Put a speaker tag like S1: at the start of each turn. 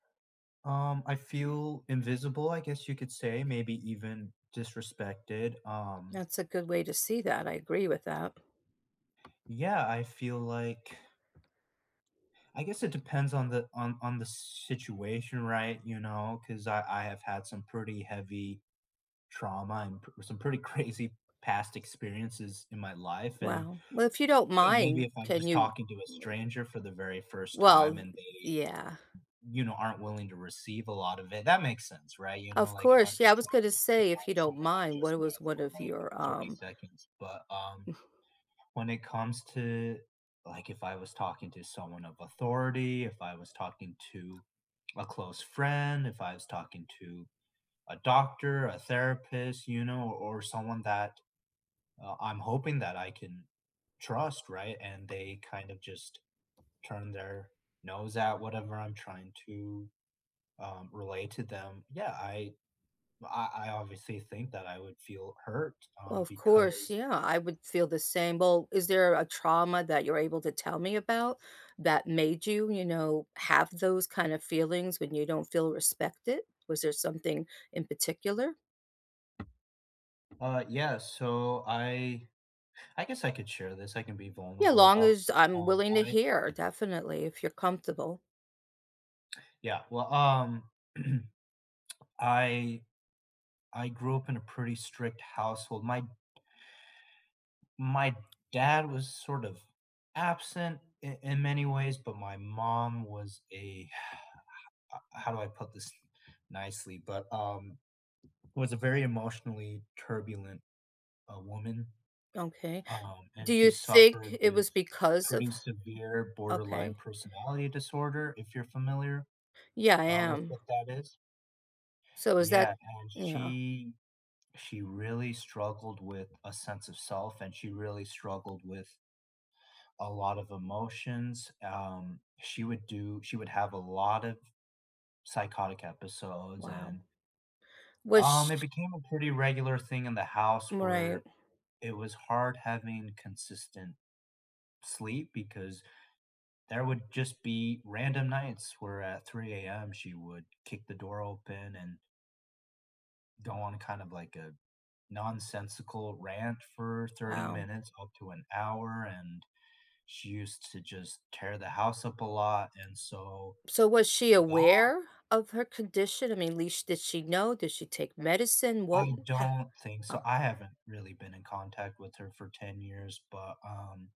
S1: Um, I feel invisible, I guess you could say, maybe even disrespected, um
S2: That's a good way to see that, I agree with that.
S1: Yeah, I feel like I guess it depends on the on on the situation, right, you know, ‘cause I I have had some pretty heavy trauma, and p some pretty crazy past experiences in my life, and,
S2: Well, well, if you don't
S1: you know, maybe
S2: mind,
S1: if I'm
S2: can
S1: just
S2: you
S1: talking to a
S2: ma
S1: stranger for the very first
S2: Well,
S1: time
S2: th
S1: and they,
S2: yeah.
S1: you know, aren't willing to receive a lot of it, that makes sense, right, you know,
S2: Of
S1: like if I'm
S2: course, yeah, I
S1: just
S2: was
S1: trying to
S2: gonna
S1: dump
S2: say if you
S1: on
S2: don't
S1: someone I've
S2: mind what
S1: just
S2: it was
S1: met
S2: one
S1: for,
S2: of
S1: like,
S2: your
S1: 30
S2: um
S1: seconds, but, um, when it comes to like, if I was talking to someone of authority, if I was talking to a close friend, if I was talking to a doctor, a therapist, you know, o or someone that, uh, I'm hoping that I can trust, right, and they kind of just turn their nose at whatever I'm trying to, um, relay to them. Yeah, I b I I obviously think that I would feel hurt,
S2: Well,
S1: um,
S2: of course,
S1: because
S2: yeah, I would feel the same. Well, is there a trauma that you're able to tell me about that made you, you know, have those kind of feelings when you don't feel respected? Was there something in particular?
S1: Uh, yeah, so I I guess I could share this, I can be
S2: Yeah,
S1: vulnerable
S2: long
S1: about
S2: as
S1: it,
S2: I'm
S1: um,
S2: willing to
S1: I
S2: hear, definitely if you're comfortable.
S1: Yeah, well, um, I I grew up in a pretty strict household, my my dad was sort of absent in in many ways, but my mom was a, uh How do I put this nicely? But, um, it was a very emotionally turbulent, uh, woman,
S2: Okay.
S1: um, and
S2: Do
S1: she
S2: you think
S1: suffered
S2: it
S1: with
S2: was because of
S1: pretty severe borderline
S2: Okay.
S1: personality disorder, if you're familiar,
S2: Yeah, I
S1: uh, with
S2: am.
S1: what that is.
S2: So is
S1: Yeah,
S2: that
S1: and
S2: Yeah.
S1: she she really struggled with a sense of self, and she really struggled with a lot of emotions, um, she would do she would have a lot of f psychotic episodes,
S2: Wow.
S1: and
S2: Was
S1: um, it
S2: sh
S1: became a pretty regular thing in the house where
S2: Right.
S1: it was hard having consistent sleep, because there would just be random nights where at 3 a.m. she would kick the door open, and go on kind of like a nonsensical rant for 30
S2: Wow.
S1: minutes up to an hour, and she used to just tear the house up a lot, and so
S2: So was she
S1: that
S2: aware of her condition? I mean, at least, did she know? Did she take medicine? What
S1: I
S2: ha
S1: don't think so,
S2: Oh.
S1: I haven't really been in contact with her for 10 years, but, um